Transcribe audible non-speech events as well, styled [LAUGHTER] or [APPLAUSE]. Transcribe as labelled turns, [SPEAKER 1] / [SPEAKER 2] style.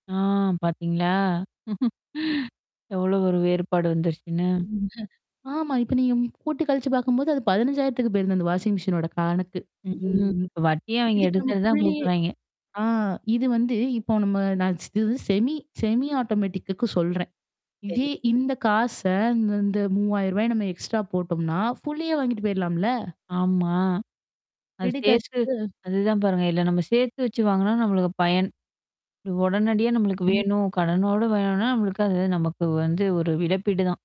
[SPEAKER 1] ஆ பாத்தீங்களா? [LAUGHS] எவ்ளோ ஒரு வேறுபாடு வந்துருச்சுன்னு?
[SPEAKER 2] ம் ஆமா. இப்ப நீங்க கூட்டி கழிச்சு பார்க்கும்போது, அது 15000த்துக்கு போயிருது அந்த வாஷிங் மெஷினோட கடனுக்கு
[SPEAKER 1] ம்
[SPEAKER 2] ம்.
[SPEAKER 1] வட்டிய அவங்க
[SPEAKER 2] இதுக்கு நம்ம
[SPEAKER 1] எடுத்தது தான்
[SPEAKER 2] குள்ளயே
[SPEAKER 1] குடுக்குறாய்ங்க.
[SPEAKER 2] ஆ இது வந்து இப்போ நம்ம நான் இது செமி செமி ஆட்டோமேட்டக்குக்கு சொல்றேன். இதே
[SPEAKER 1] சரி.
[SPEAKER 2] இந்த காச இந்த இந்த ரூ.3000 நம்ம எக்ஸ்ட்ரா போட்டோம்னா, ஃபுல்லியே வாங்கிட்டு போயலாம்ல?
[SPEAKER 1] ஆமா. அது
[SPEAKER 2] ரெடி
[SPEAKER 1] சேர்த்து
[SPEAKER 2] கேஷ்க்கு.
[SPEAKER 1] அதுதான் பாருங்க. இல்ல நம்ம சேர்த்து வச்சு வாங்குனா நம்மளுக்கு பயன். அது உடனடியா நம்மளுக்கு
[SPEAKER 2] ம்.
[SPEAKER 1] வேணும். கடனோடு வேணும்னா, நமளுக்கு அது நமக்கு வந்து ஒரு இழப்பீடு தான்.